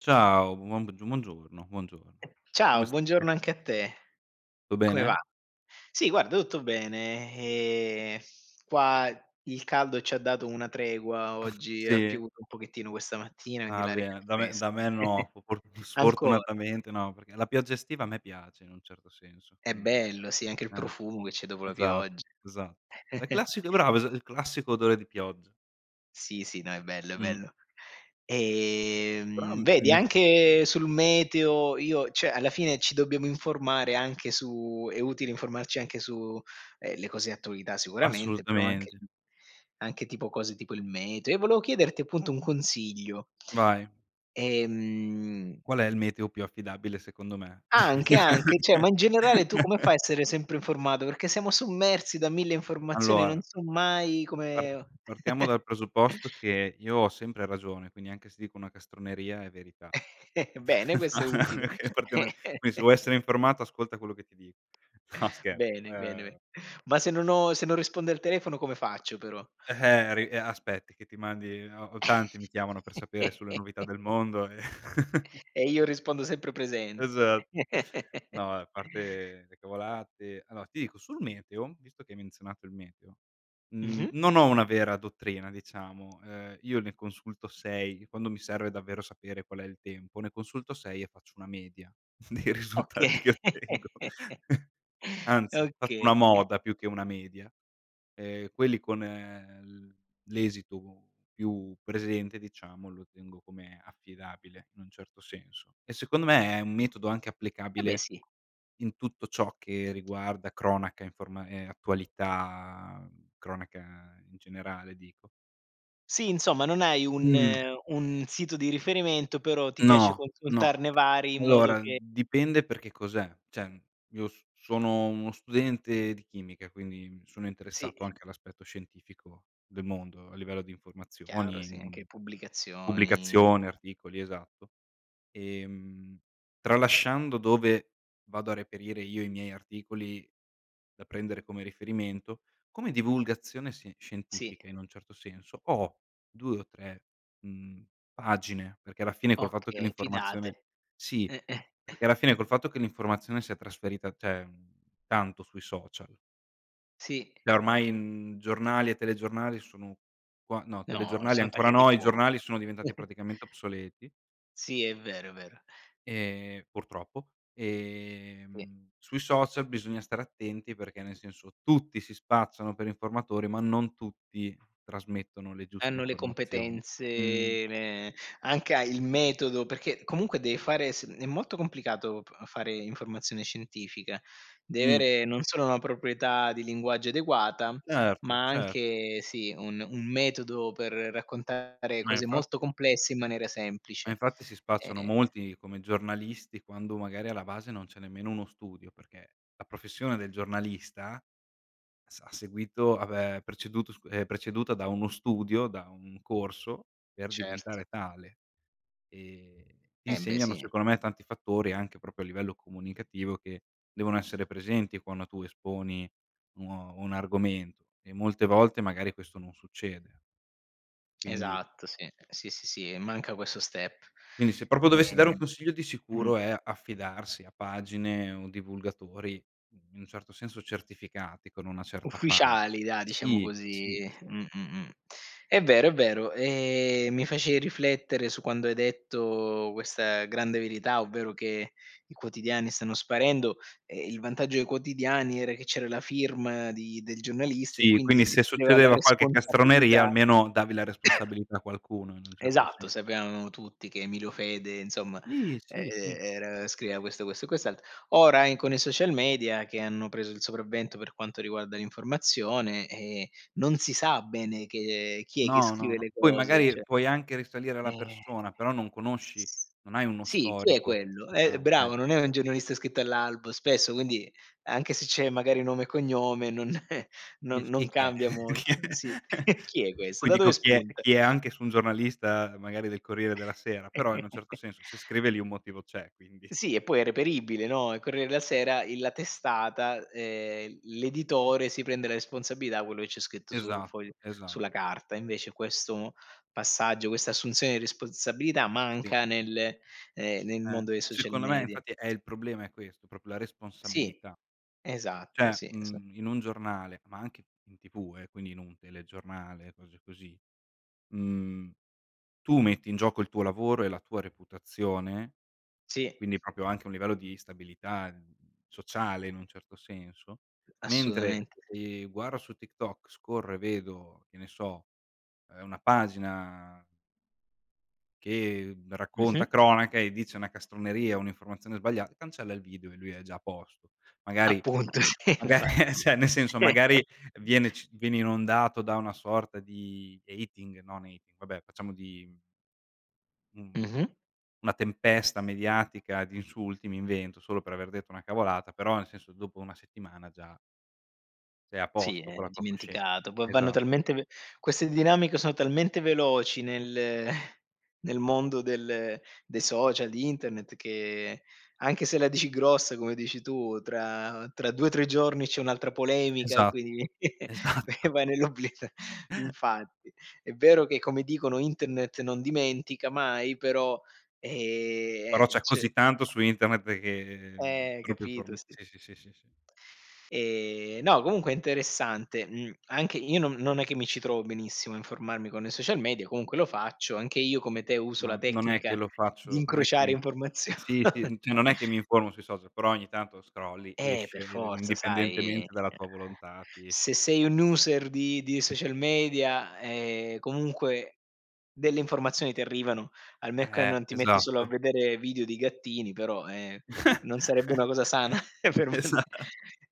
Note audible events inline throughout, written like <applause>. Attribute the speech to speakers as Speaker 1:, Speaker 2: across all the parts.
Speaker 1: Ciao. Buon b g buongiorno. Buongiorno.
Speaker 2: Ehm,
Speaker 1: Come
Speaker 2: ciao,
Speaker 1: stai?
Speaker 2: buongiorno anche a te.
Speaker 1: Tu
Speaker 2: Come va?
Speaker 1: bene?
Speaker 2: Sì, guarda tutto bene, ehm, qua, il caldo ci ha dato una tregua:
Speaker 1: Ah,
Speaker 2: oggi ha
Speaker 1: sì?
Speaker 2: piovuto un pochettino questa mattina, quindi
Speaker 1: Ah
Speaker 2: l'aria è più
Speaker 1: bene, da me
Speaker 2: fres
Speaker 1: da me no.
Speaker 2: <giggles>
Speaker 1: For
Speaker 2: Ancora!
Speaker 1: sfortunatamente no, perché la pioggia estiva a me piace in un certo senso,
Speaker 2: È
Speaker 1: quindi
Speaker 2: bello. Sì, anche il
Speaker 1: eh.
Speaker 2: profumo che c'è dopo la
Speaker 1: Esat
Speaker 2: pioggia.
Speaker 1: esa La
Speaker 2: <chuckles>
Speaker 1: classica bravo es il classico odore di pioggia.
Speaker 2: Sì, sì, no, è bello, è
Speaker 1: Mh.
Speaker 2: bello.
Speaker 1: Però, a
Speaker 2: Ehm,
Speaker 1: me
Speaker 2: vedi,
Speaker 1: mi s
Speaker 2: anche sul meteo io cioè, alla fine ci dobbiamo informare anche su è utile informarci anche su, ehm, le cose attualità sicuramente, però anche
Speaker 1: Assolutamente.
Speaker 2: anche tipo cose tipo il meteo. E volevo chiederti appunto un consiglio.
Speaker 1: Vai.
Speaker 2: Ehm
Speaker 1: Qual è il meteo più affidabile, secondo me?
Speaker 2: Anche, anche. Cioè, ma in generale tu come fai a
Speaker 1: <chuckles>
Speaker 2: essere sempre informato, perché siamo sommersi da mille informazioni, non
Speaker 1: Allora
Speaker 2: so mai
Speaker 1: par
Speaker 2: come
Speaker 1: partiamo
Speaker 2: <chuckles>
Speaker 1: dal presupposto che io ho sempre ragione, quindi anche se dico una castroneria è verità.
Speaker 2: <chuckles> Bene, questo è utile.
Speaker 1: <chuckles> Okay. Partiamo quindi se
Speaker 2: <chuckles>
Speaker 1: vuoi essere informato, ascolta quello che ti dico. <snorts> No
Speaker 2: <inhales>
Speaker 1: scher
Speaker 2: Bene, bene,
Speaker 1: ehm
Speaker 2: be Ma se non ho se non risponde al telefono, come faccio però?
Speaker 1: Eh-eh, ri e aspetti che ti mandi ho ho tanti mi chiamano per sapere sulle novità del
Speaker 2: <chuckles>
Speaker 1: mondo e
Speaker 2: E io
Speaker 1: <chuckles>
Speaker 2: rispondo sempre presente.
Speaker 1: Esat
Speaker 2: <chuckles>
Speaker 1: No, a parte le cavolate, allora ti dico sul meteo, visto che hai menzionato il meteo, mhmm,
Speaker 2: Mh-mh.
Speaker 1: non ho una vera dottrina, diciamo. Ehm, io ne consulto 6, quando mi serve davvero sapere qual è il tempo, ne consulto 6 e faccio una media dei
Speaker 2: Oka
Speaker 1: risultati che ottengo.
Speaker 2: <chuckles>
Speaker 1: Anzi, faccio
Speaker 2: Okay.
Speaker 1: una
Speaker 2: <chuckles>
Speaker 1: moda più che una media, ehm, quelli con l l'esito più presente, diciamo, lo tengo come affidabile, in un certo senso. E secondo me è un metodo anche
Speaker 2: Eh beh,
Speaker 1: applicabile
Speaker 2: sì.
Speaker 1: in tutto ciò che riguarda cronaca, informa ehm, attualità, cronaca in generale dico.
Speaker 2: Sì, insomma, non hai un
Speaker 1: Mh.
Speaker 2: un sito di riferimento, però ti piace
Speaker 1: No, no.
Speaker 2: consultarne vari in modo
Speaker 1: Allora
Speaker 2: che
Speaker 1: dipende perché cos'è, cioè io s sono uno studente di chimica, quindi mi sono
Speaker 2: Sì.
Speaker 1: interessato anche all'aspetto scientifico del mondo, a livello di
Speaker 2: Chiaro.
Speaker 1: informazioni,
Speaker 2: Sì,
Speaker 1: mhmm,
Speaker 2: anche pubblicazioni.
Speaker 1: pubblicazione, articoli, esatto. Ehm, tralasciando dove vado a reperire io i miei articoli da prendere come riferimento, come divulgazione sì,
Speaker 2: Sì.
Speaker 1: scientifica in un certo senso ho 2 o 3, uhm, pagine, perché alla fine col fatto che
Speaker 2: Okay, fidate.
Speaker 1: l'informazione sì,
Speaker 2: Eh-eh.
Speaker 1: perché alla fine col fatto che l'informazione si è trasferita, cioè, mhmm, tanto sui social
Speaker 2: Sì,
Speaker 1: e ormai, mhmm, giornali e telegiornali sono qua no,
Speaker 2: No,
Speaker 1: telegiornali
Speaker 2: son
Speaker 1: ancora
Speaker 2: tagliati
Speaker 1: no, i
Speaker 2: fuori.
Speaker 1: giornali sono diventati
Speaker 2: <chuckles>
Speaker 1: praticamente obsoleti
Speaker 2: Sì, è vero, è vero.
Speaker 1: ehm, purtroppo.
Speaker 2: Sì.
Speaker 1: Ehm, sui social bisogna stare attenti, perché nel senso, tutti si spacciano per informatori, ma non tutti trasmettono le giuste
Speaker 2: Hanno le
Speaker 1: informazioni.
Speaker 2: competenze,
Speaker 1: Uhm.
Speaker 2: ehm, anche a il metodo perché comunque, deve fare s è molto complicato p fare informazione scientifica. Devi
Speaker 1: Mh.
Speaker 2: avere non solo una proprietà di linguaggio adeguata,
Speaker 1: Certo,
Speaker 2: ma
Speaker 1: cer
Speaker 2: anche sì, un un metodo per raccontare
Speaker 1: Ma
Speaker 2: cose molto
Speaker 1: infatti
Speaker 2: complesse in maniera
Speaker 1: Ma
Speaker 2: semplice.
Speaker 1: infatti si spacciano
Speaker 2: Ehm
Speaker 1: molti come giornalisti, quando magari alla base non c'è nemmeno uno studio, perché la professione del giornalista, sa ha seguito ha, beh, preceduto scu è preceduta da uno studio, da un corso per
Speaker 2: Certo.
Speaker 1: diventare tale. Ehm, ti
Speaker 2: Embè,
Speaker 1: insegnano
Speaker 2: sì.
Speaker 1: secondo me tanti fattori, anche proprio a livello comunicativo, che devono essere presenti quando tu esponi uno un argomento, e molte volte magari questo non succede. Quindi
Speaker 2: Esatto. Sì. Sì, sì, sì, e manca questo step.
Speaker 1: quindi se proprio dovessi dare un
Speaker 2: Ehm
Speaker 1: consiglio di
Speaker 2: mh.
Speaker 1: sicuro è: "Affidarsi a pagine o divulgatori, in un certo senso certificati, con una certa fama."
Speaker 2: Ufficiali dai, diciamo
Speaker 1: Sì,
Speaker 2: così,
Speaker 1: sì, sì.
Speaker 2: mh, mh, mh. È vero, è vero, ehm, mi facevi riflettere su quando hai detto questa grande verità, ovvero che i quotidiani stanno sparendo, e il vantaggio dei quotidiani era che c'era la firma di del giornalista e
Speaker 1: Sì,
Speaker 2: quindi
Speaker 1: quindi
Speaker 2: si
Speaker 1: se
Speaker 2: prendeva la
Speaker 1: succedeva qualche castroneria,
Speaker 2: responsabilità
Speaker 1: almeno davi la
Speaker 2: <coughs>
Speaker 1: responsabilità a qualcuno, in un certo
Speaker 2: Esatto,
Speaker 1: senso.
Speaker 2: sapevamo tutti che Emilio Fede, insomma,
Speaker 1: Sì,
Speaker 2: ehm,
Speaker 1: sì, sì.
Speaker 2: era scriveva questo, questo e quest'altro. Ora e in con i social media che hanno preso il sopravvento per quanto riguarda l'informazione, ehm, non si sa bene che, ehm chi è che
Speaker 1: No, no,
Speaker 2: scrive
Speaker 1: no.
Speaker 2: le
Speaker 1: Poi
Speaker 2: cose,
Speaker 1: magari
Speaker 2: cioè
Speaker 1: puoi anche risalire alla
Speaker 2: Eh.
Speaker 1: persona, però non conosci
Speaker 2: S
Speaker 1: non hai uno
Speaker 2: sì, chi è
Speaker 1: storico,
Speaker 2: quello? Eh
Speaker 1: diciamo,
Speaker 2: bravo,
Speaker 1: eh.
Speaker 2: non è un giornalista iscritto all'albo spesso quindi, anche se c'è magari nome e cognome non eh, non
Speaker 1: Dici: "Chi
Speaker 2: non
Speaker 1: chi è?"
Speaker 2: cambia
Speaker 1: <chuckles> "Chi è."
Speaker 2: molto, sì. <chuckles> Chi è questo?
Speaker 1: Poi
Speaker 2: Da
Speaker 1: dico:
Speaker 2: dove
Speaker 1: "Chi è"
Speaker 2: spunta?
Speaker 1: "Chi è", anche su un giornalista magari del Corriere della Sera, però in un certo
Speaker 2: <chuckles>
Speaker 1: senso se scrive lì un motivo c'è, quindi
Speaker 2: Sì, e poi è reperibile, no, Il Corriere della Sera, il la testata, ehm, l'editore si prende la responsabilità, quello che c'è scritto su
Speaker 1: Esatto,
Speaker 2: foglio
Speaker 1: esa
Speaker 2: sulla carta; invece questo passaggio, questa assunzione di responsabilità
Speaker 1: Sì.
Speaker 2: manca nel ehm, nel
Speaker 1: Eh,
Speaker 2: mondo dei social
Speaker 1: secondo me
Speaker 2: media.
Speaker 1: infatti eh, il problema è questo, proprio la
Speaker 2: Sì.
Speaker 1: responsabilità.
Speaker 2: Esatto,
Speaker 1: Cioè,
Speaker 2: sì, esa
Speaker 1: mhmm, in un giornale, ma anche in TV eh, quindi in un telegiornale, cose così, mhmm, tu metti in gioco il tuo lavoro e la tua reputazione,
Speaker 2: Sì.
Speaker 1: quindi proprio anche un livello di stabilità, ehm, sociale in un certo senso; mentre,
Speaker 2: Assolutamente si.
Speaker 1: ehm, guarda su TikTok, scorro e vedo, che ne so, ehm, una pagina che racconta
Speaker 2: Mh-mh.
Speaker 1: cronache e dice una castroneria, un'informazione sbaglia cancella il video e lui è già a posto. Magari
Speaker 2: Appunto. Si,
Speaker 1: magari
Speaker 2: infatti.
Speaker 1: eh, cioè, nel senso, magari
Speaker 2: <chuckles>
Speaker 1: viene ci viene inondato da una sorta di hating no, nei vabbè, facciamo di Mh-mh.
Speaker 2: Mh-mh.
Speaker 1: Una tempesta mediatica di insulti, mi invento, solo per aver detto una cavolata, però nel senso, dopo 1 settimana già sei a
Speaker 2: Sì,
Speaker 1: posto
Speaker 2: è
Speaker 1: con la tua coscienz
Speaker 2: dimenticato, poi vanno
Speaker 1: esa
Speaker 2: talmente ve queste dinamiche sono talmente veloci nel <chuckles> nel mondo del dei social, di internet che, anche se la dici grossa, come dici tu, tra tra 2, 3 giorni c'è un'altra polemica e
Speaker 1: Esa
Speaker 2: quindi <chuckles> e
Speaker 1: Esatto.
Speaker 2: vai nell'obli <chuckles>
Speaker 1: <chuckles>
Speaker 2: infatti. È vero che, come dicono, internet non dimentica mai, però ehm,
Speaker 1: Però
Speaker 2: eh,
Speaker 1: c'è
Speaker 2: cioè
Speaker 1: così tanto su internet che
Speaker 2: Eh,
Speaker 1: troppe
Speaker 2: capito,
Speaker 1: informa
Speaker 2: sì.
Speaker 1: sì, sì, sì, sì, sì.
Speaker 2: Ehm, no comunque è interessante, mhmm, anche io non non è che mi ci trovo benissimo a informarmi con social media, comunque lo faccio. Anche io, come te, uso la
Speaker 1: Ma non è che
Speaker 2: tecnica
Speaker 1: lo
Speaker 2: di
Speaker 1: faccio n è che
Speaker 2: incrociare
Speaker 1: mi
Speaker 2: informazio
Speaker 1: sì, sì,
Speaker 2: <chuckles>
Speaker 1: n cioè non è che mi informo sui social, però ogni tanto scrolli,
Speaker 2: Eh, per
Speaker 1: esce, ehm,
Speaker 2: forza, sai, ehm,
Speaker 1: indipendentemente dalla tua volontà ti esc
Speaker 2: se sei un user di di social media, ehm, comunque, delle informazioni ti arrivano, al me che
Speaker 1: Eh,
Speaker 2: non ti metti solo a
Speaker 1: esatto.
Speaker 2: vedere video di gattini, però ehm, non sarebbe una cosa sana
Speaker 1: <chuckles>
Speaker 2: <chuckles> per uno di
Speaker 1: Esa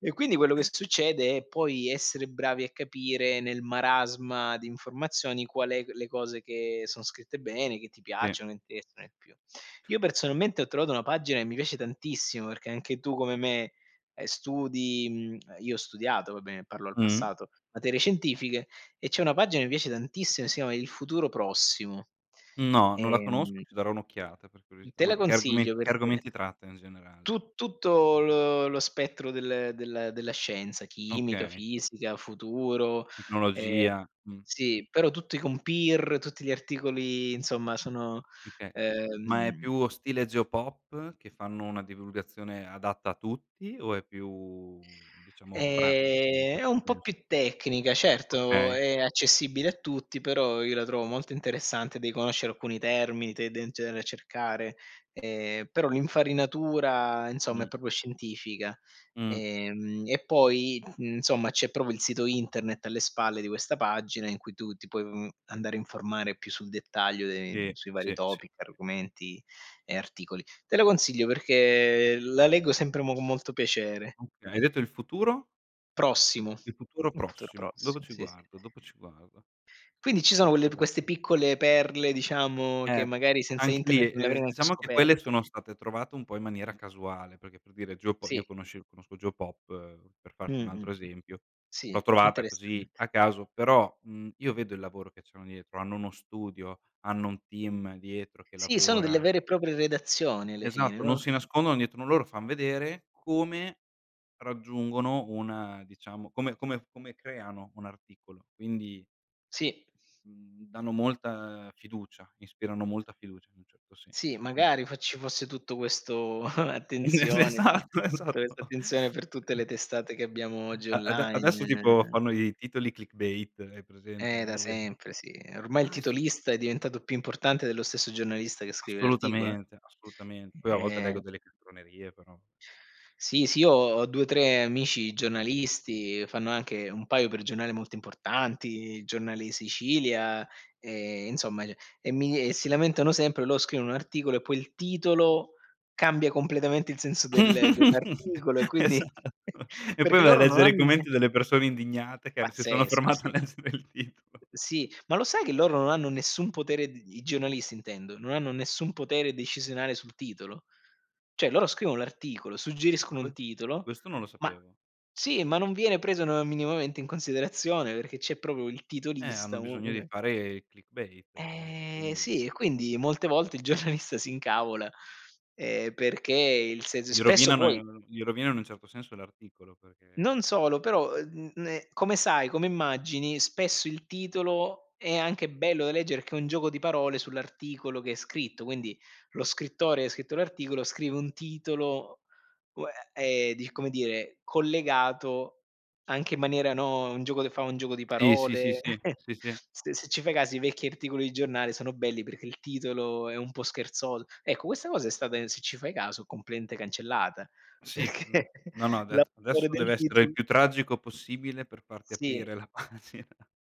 Speaker 2: E quindi quello che succede è poi essere bravi a capire nel marasma di informazioni qual è g le cose che son scritte bene, che ti
Speaker 1: Sì.
Speaker 2: piacciono, interessano più. Io personalmente ho trovato una pagina e mi piace tantissimo, perché anche tu come me, ehm, studi mhmm, ehm, io ho studiato, vabbè, parlo al
Speaker 1: Mh.
Speaker 2: passato, materie scientifiche, e c'è una pagina e mi piace tantissimo e si a "Il futuro prossimo".
Speaker 1: No, non la conosco,
Speaker 2: Ehm
Speaker 1: ci darò un'occhiata per
Speaker 2: Mh,
Speaker 1: curiosità,
Speaker 2: te la
Speaker 1: ma che
Speaker 2: consiglio
Speaker 1: argomen che
Speaker 2: perché
Speaker 1: argomenti tratta in generale?
Speaker 2: tu tutto lo lo spettro del del della scienza, chimica,
Speaker 1: Okay.
Speaker 2: fisica, futuro ehm,
Speaker 1: Tecnologia, mh.
Speaker 2: sì, però tutti con peer, tutti gli articoli, insomma, sono,
Speaker 1: Mh, okay ma è
Speaker 2: ehm
Speaker 1: più stile Geopop, che fanno una divulgazione adatta a tutti o è più, diciamo, pratica, in un
Speaker 2: Ehm, è
Speaker 1: certo
Speaker 2: un po'
Speaker 1: senso?
Speaker 2: più tecnica, certo,
Speaker 1: Okay.
Speaker 2: è accessibile a tutti, però io la trovo molto interessante. Dei conoscere alcuni termini te den cenere cercare. Ehm, però l'infarinatura insomma, è
Speaker 1: Mh.
Speaker 2: proprio scientifica.
Speaker 1: Mh.
Speaker 2: Ehm, e poi, insomma, c'è proprio il sito internet alle spalle di questa pagina, in cui tu ti puoi, uhm, andare a informare più sul dettaglio dei
Speaker 1: Sì,
Speaker 2: sui vari
Speaker 1: sì, s
Speaker 2: topic, argomenti e articoli. Te lo consiglio perché la leggo sempre mo g molto piacere.
Speaker 1: Okay. Hai detto il futuro?
Speaker 2: Prossimo,
Speaker 1: Il futuro
Speaker 2: molto
Speaker 1: prossimo, dopo
Speaker 2: prossimo,
Speaker 1: ci
Speaker 2: sì, sì.
Speaker 1: guardo, dopo ci guardo.
Speaker 2: Quindi ci sono quelle p
Speaker 1: Sorpresa.
Speaker 2: queste piccole perle, diciamo che
Speaker 1: Eh.
Speaker 2: magari senza
Speaker 1: Anche lì,
Speaker 2: internet non l'avrei
Speaker 1: ehm,
Speaker 2: neanche
Speaker 1: diciamo che quelle
Speaker 2: scoperto.
Speaker 1: sono state trovate un po' in maniera casuale, perché, per dire geopo io
Speaker 2: Sì.
Speaker 1: conosce conosco Geopop, per
Speaker 2: Mh,
Speaker 1: farti un
Speaker 2: mh,
Speaker 1: altro
Speaker 2: mh.
Speaker 1: esempio, l'ho
Speaker 2: Sì,
Speaker 1: trovata così
Speaker 2: interessante.
Speaker 1: a caso, però, mhmm, io vedo il lavoro che c'hanno dietro, hanno uno studio, hanno un team dietro che
Speaker 2: Sì, sono delle
Speaker 1: lavora.
Speaker 2: vere e proprie redazioni alle fine,
Speaker 1: Esatto, non
Speaker 2: no?
Speaker 1: si nascondono dietro no loro fan vedere come, raggiungono un diciamo come come come creano un articolo, quindi
Speaker 2: Sì.
Speaker 1: Mhmm, danno molta fiducia, ispirano molta fiducia in un certo
Speaker 2: Sì,
Speaker 1: senso, mh.
Speaker 2: magari fa ci fosse tutto questo <chuckles>
Speaker 1: Es
Speaker 2: attenzione,
Speaker 1: esatto. Esatto.
Speaker 2: questa
Speaker 1: Mh, mh.
Speaker 2: attenzione per tutte le testate che abbiamo oggi
Speaker 1: A ade
Speaker 2: online,
Speaker 1: adesso tipo
Speaker 2: ehm
Speaker 1: fanno i titoli clickbait hai
Speaker 2: Eh
Speaker 1: presente,
Speaker 2: da
Speaker 1: gli e
Speaker 2: sempre sì, ormai il
Speaker 1: Ah, è su
Speaker 2: titolista è diventato più importante dello stesso giornalista che scrive l'articolo, eh.
Speaker 1: Assolutamente, assolutamen poi a volte
Speaker 2: Ehm
Speaker 1: leggo delle castronerie, però.
Speaker 2: Sì, sì, io ho 2,3 amici giornalisti, fanno anche un paio per giornale molto importanti, il Giornale di Sicilia, e insomma, ceh, e mi e si lamentano sempre lo scrivono un articolo e poi il titolo, cambia completamente il senso del
Speaker 1: <laughs>
Speaker 2: dell'articolo e quindi
Speaker 1: Esatto.
Speaker 2: <chuckles>
Speaker 1: E poi
Speaker 2: perché
Speaker 1: vai a
Speaker 2: loro non
Speaker 1: leggere
Speaker 2: hanno
Speaker 1: i
Speaker 2: nie
Speaker 1: commenti delle persone indignate che, ehm, si sono
Speaker 2: Pazzesco,
Speaker 1: fermate a
Speaker 2: sì.
Speaker 1: leggere il titolo.
Speaker 2: Sì, ma lo sai che loro non hanno nessun potere d i giornalisti intendo, non hanno nessun potere decisionale sul titolo. Cioè loro scrivono l'articolo,
Speaker 1: Ecco,
Speaker 2: suggeriscono un
Speaker 1: que
Speaker 2: titolo,
Speaker 1: questo non lo
Speaker 2: ma
Speaker 1: sapevo.
Speaker 2: Sì, ma non viene preso, no, minimamente in considerazione perché c'è proprio il
Speaker 1: Eh, hanno
Speaker 2: titolista, u
Speaker 1: bisogno di
Speaker 2: une
Speaker 1: fare clickbait loro,
Speaker 2: Eh
Speaker 1: quindi
Speaker 2: sì, e quindi molte volte il giornalista si incavola, ehm, perché il se
Speaker 1: Gli
Speaker 2: spesso poi
Speaker 1: rovinano gli rovinano in un certo senso l'articolo, perché
Speaker 2: Non solo, però ehm, uhm, ne come sai come immagini, spesso il titolo, è anche bello da leggere perché è un gioco di parole sull'articolo che è scritto, quindi, lo scrittore che ha scritto l'articolo scrive un titolo, uhm, e, ehm, di come dire, collegato, anche in maniera, no, un gioco che fa un gioco di
Speaker 1: Sì, sì, sì,
Speaker 2: parole,
Speaker 1: sì.
Speaker 2: <chuckles>
Speaker 1: Sì, sì.
Speaker 2: st se ci fai caso i vecchi articoli di giornale sono belli perché il titolo è un po' scherzol ecco questa cosa è stata, se ci fai caso, completamente cancellata,
Speaker 1: Sì, uhm,
Speaker 2: perché
Speaker 1: no, no, adett adesso
Speaker 2: l'autore del
Speaker 1: deve essere il
Speaker 2: titolo
Speaker 1: più tragico possibile per farti
Speaker 2: Sì.
Speaker 1: aprire la pagina.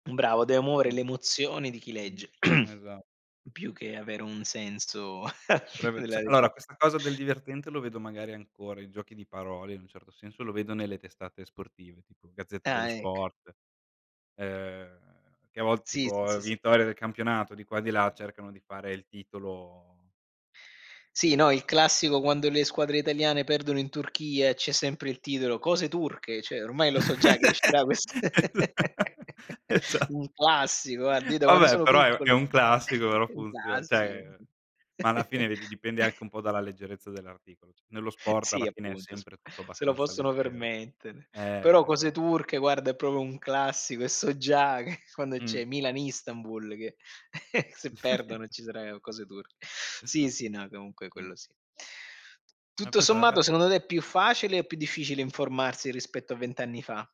Speaker 2: Mh, bravo, de amore
Speaker 1: Mh.
Speaker 2: le emozioni di chi
Speaker 1: Mh.
Speaker 2: legge. <clears throat>
Speaker 1: Esat
Speaker 2: Più che avere un senso <chuckles>
Speaker 1: Preve
Speaker 2: della
Speaker 1: cioè
Speaker 2: lettera
Speaker 1: allora questa cosa del divertente, lo vedo magari ancora, i giochi di parole in un certo senso lo vedo nelle testate sportive, tipo Gazzetta dello
Speaker 2: Ah, ecc
Speaker 1: Sport. Ehm, che a volte
Speaker 2: Sì, sì,
Speaker 1: tipo
Speaker 2: sì, sì.
Speaker 1: vittoria del campionato di qua e di là cercano di fare il titolo
Speaker 2: Sì, no, il classico quando le squadre italiane perdono in Turchia, c'è sempre il titolo "cose turche" cioè ormai lo so già che
Speaker 1: <chuckles>
Speaker 2: uscirà questa <laughs>
Speaker 1: <unintelligible> Esat
Speaker 2: Un classico, guarda, io da quando
Speaker 1: Vabbè,
Speaker 2: sono
Speaker 1: però è è
Speaker 2: piccolo,
Speaker 1: un
Speaker 2: <chuckles>
Speaker 1: classico però
Speaker 2: un
Speaker 1: funziona
Speaker 2: classico
Speaker 1: cioè,
Speaker 2: sì.
Speaker 1: ma alla fine vedi dipende
Speaker 2: <chuckles>
Speaker 1: anche un po' dalla leggerezza dell'articolo c Nello sport,
Speaker 2: Sì,
Speaker 1: alla fine è
Speaker 2: appunto, s
Speaker 1: sempre tutto
Speaker 2: se lo
Speaker 1: abbastanza
Speaker 2: possono
Speaker 1: leggero.
Speaker 2: permettere.
Speaker 1: Eh,
Speaker 2: Però "cose
Speaker 1: esa
Speaker 2: turche" guarda, è proprio un classico e so già che quando c'è
Speaker 1: Mh.
Speaker 2: Milan Istanbul che, <chuckles> se perdono
Speaker 1: <chuckles>
Speaker 2: ci sarà, ehm, "cose turche". Sì, sì, no, comunque
Speaker 1: Mh.
Speaker 2: quello sì.
Speaker 1: Ma
Speaker 2: Tutto sommato,
Speaker 1: <unintelligible>
Speaker 2: secondo te è più facile o più difficile informarsi rispetto a 20 anni fa?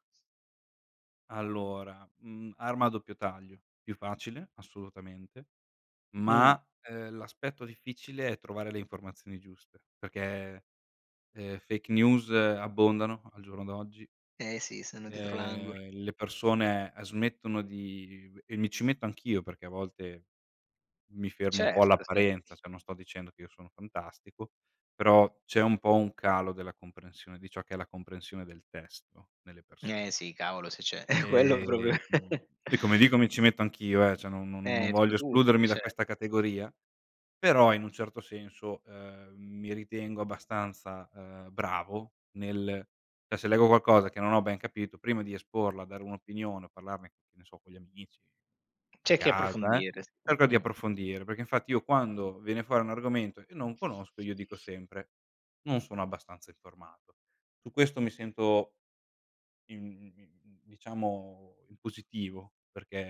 Speaker 1: Allora, mhmm, arma a doppio taglio, più facile, assolutamente, ma
Speaker 2: Mh.
Speaker 1: ,ehm, l'aspetto difficile è trovare le informazioni giuste, perché, ehm, fake news abbondano al giorno d'oggi
Speaker 2: Eh, sì, sono dietro l'angolo.
Speaker 1: ehm, le persone, ehm, smettono di e mi ci metto anch'io, perché a volte mi fermo un po'
Speaker 2: Certo, sì.
Speaker 1: all'apparenza, cioè non sto dicendo che io sono fantastico, però c'è un po' un calo della comprensione, di ciò che è la comprensione del testo, nelle persone.
Speaker 2: Eh, sì, cavolo se c'è <chuckles> quello proprio.
Speaker 1: Ehm,
Speaker 2: <chuckles>
Speaker 1: e come dico mi ci metto anch'io, eh, cioè non no no non
Speaker 2: Ecco
Speaker 1: voglio
Speaker 2: tutti,
Speaker 1: escludermi da
Speaker 2: cer
Speaker 1: questa categoria, però in un certo senso, ehm, mi ritengo abbastanza, ehm, bravo nel cioè se leggo qualcosa, che non ho ben capito, prima di esporla, dare un'opinione o parlarne che ne so con gli amici, a
Speaker 2: Cerchi
Speaker 1: casa, eh,
Speaker 2: approfondire s
Speaker 1: cerco di
Speaker 2: mh-mh.
Speaker 1: approfondire. Perché, infatti io quando viene fuori un argomento e non conosco io dico sempre: "Non sono abbastanza informato." Su questo mi sento in in diciamo in positivo,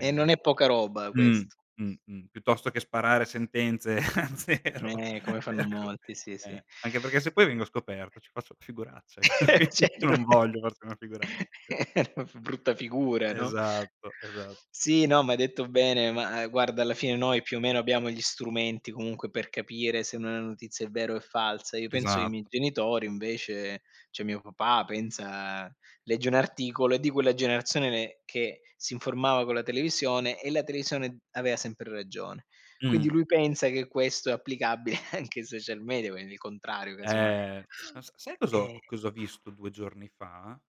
Speaker 2: E non è poca roba
Speaker 1: mh,
Speaker 2: quest
Speaker 1: mh, mh, piuttosto che sparare sentenze a zero
Speaker 2: Eh, come fanno
Speaker 1: cerco,
Speaker 2: molti. Sì,
Speaker 1: ehm,
Speaker 2: sì.
Speaker 1: anche perché se poi vengo scoperto ci faccio una figuraccia io
Speaker 2: <laughs>
Speaker 1: qui
Speaker 2: Cer
Speaker 1: io non voglio farci una figura
Speaker 2: <chuckles> f brutta figura, no?
Speaker 1: Esatto, esa
Speaker 2: Sì, no ma hai detto bene, ma, uhm, guarda alla fine noi, più o meno abbiamo gli strumenti comunque per capire se una notizia è vera o è falsa. Io penso che i miei
Speaker 1: Esatto.
Speaker 2: genitori invece cioè mio papà pensa legge un articolo, è di quella generazione ne che si informava con la televisione, e la televisione aveva sempre ragione. Quindi
Speaker 1: Mh.
Speaker 2: lui pensa che questo è applicabile anche ai social media, quindi il contrario, casomai.
Speaker 1: Eh, no sa sai cos'ho
Speaker 2: Ehm
Speaker 1: o cosa ho visto 2 giorni fa,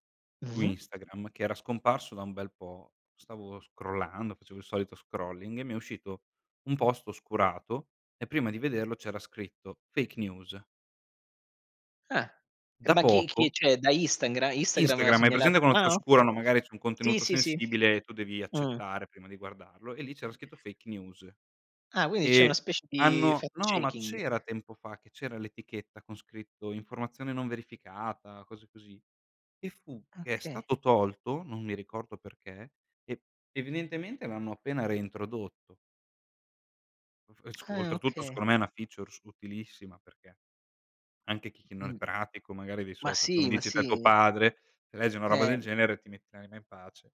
Speaker 1: su
Speaker 2: Mh-mh.
Speaker 1: Instagram, che era scomparso da un bel po', stavo scrollando, facevo il solito scrolling, e mi è uscito un post oscurato e prima di vederlo c'era scritto fake news.
Speaker 2: Eh. E
Speaker 1: Da
Speaker 2: ma chi chi
Speaker 1: poco.
Speaker 2: cioè, da Instangra Instagram ha
Speaker 1: Instagram, hai
Speaker 2: segnala
Speaker 1: presente quando ti
Speaker 2: Ah, okay.
Speaker 1: oscurano, magari c'è un
Speaker 2: Sì,
Speaker 1: contenuto
Speaker 2: sì, sì.
Speaker 1: sensibile e tu devi
Speaker 2: Mh.
Speaker 1: accettare prima di guardarlo, e lì c'era scritto fake news.
Speaker 2: Ah, quindi c'è una
Speaker 1: E
Speaker 2: specie di
Speaker 1: hanno no ma
Speaker 2: fact-checking.
Speaker 1: c'era tempo fa che c'era l'etichetta con scritto "informazione non verificata", cose così; che fu che è
Speaker 2: Okay.
Speaker 1: stato tolto, non mi ricordo perché, e evidentemente l'hanno appena reintrodotto. F e sc
Speaker 2: Ah,
Speaker 1: oltretutto
Speaker 2: okay.
Speaker 1: secondo me è una features utilissima, perché anche chi non è
Speaker 2: Mh.
Speaker 1: pratico magari dei
Speaker 2: Ma
Speaker 1: social, come
Speaker 2: sì, ma
Speaker 1: dici te tuo
Speaker 2: sì.
Speaker 1: padre, se legge una roba del
Speaker 2: Eh.
Speaker 1: genere, ti metti l'anima in pace.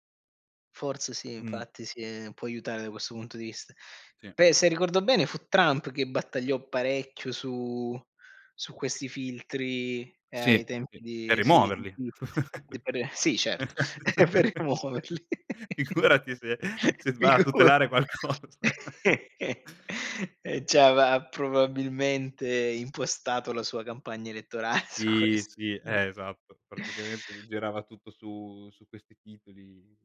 Speaker 2: Forse sì,
Speaker 1: Mh.
Speaker 2: infatti sì, ehm, può aiutare da questo punto di vista.
Speaker 1: Sì.
Speaker 2: Beh, se ricordo bene fu Trump che battagliò parecchio su su questi filtri, ehm, ai
Speaker 1: Sì,
Speaker 2: tempi
Speaker 1: sì, per
Speaker 2: di sì, di
Speaker 1: rimuoverli!
Speaker 2: Twitter. D per sì, certo, per
Speaker 1: <laughs>
Speaker 2: rimuoverli.
Speaker 1: Figurati se se
Speaker 2: <laughs>
Speaker 1: s va a
Speaker 2: Figura.
Speaker 1: tutelare qualcosa. <laughs>
Speaker 2: E c'aveva, probabilmente impostato la sua campagna elettorale su
Speaker 1: Sì,
Speaker 2: questo.
Speaker 1: sì,
Speaker 2: Noi
Speaker 1: eh, esatto. Praticamente gli
Speaker 2: <inhales>
Speaker 1: girava tutto su su questi titoli.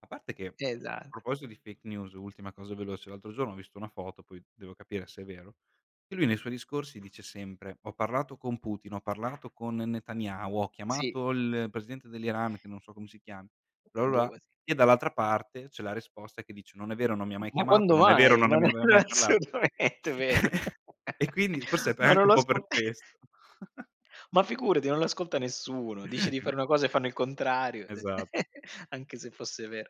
Speaker 1: A parte che,
Speaker 2: Esatto.
Speaker 1: proposito di fake news, ultima cosa veloce: l'altro giorno ho visto una foto, poi devo capire se è vero, che lui nei suoi discorsi dice sempre: "Ho parlato con Putin, ho parlato con Netanyahu, ho
Speaker 2: Sì.
Speaker 1: chiamato il presidente dell'Iran", che non so come si chiami, bla bla
Speaker 2: Ehm, boh
Speaker 1: bla.
Speaker 2: così.
Speaker 1: E dall'altra parte c'è la risposta che dice: "Non è vero, non mi ha
Speaker 2: Uhm,
Speaker 1: mai
Speaker 2: ma
Speaker 1: chiamato,
Speaker 2: quando
Speaker 1: non è vero,
Speaker 2: mai?
Speaker 1: non me
Speaker 2: Ma
Speaker 1: ne
Speaker 2: non
Speaker 1: aveva
Speaker 2: è
Speaker 1: mai parlato."
Speaker 2: assolutamente vero.
Speaker 1: <laughs> E quindi forse è
Speaker 2: <laughs>
Speaker 1: pe è
Speaker 2: Ma non
Speaker 1: anche un
Speaker 2: lo
Speaker 1: po' per
Speaker 2: ascol
Speaker 1: questo. <chuckles>
Speaker 2: ma figurati, non lo ascolta nessuno: dice di
Speaker 1: <chuckles>
Speaker 2: fare una cosa e fanno il contrario, d
Speaker 1: Esa
Speaker 2: <laughs> anche se fosse vero.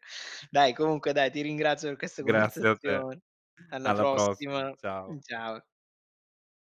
Speaker 2: Dai comunque dai, ti ringrazio per questa
Speaker 1: Grazie a te.
Speaker 2: conversazione. Alla
Speaker 1: Alla prossima.
Speaker 2: prossima,
Speaker 1: Ciao.
Speaker 2: uhm, ciao.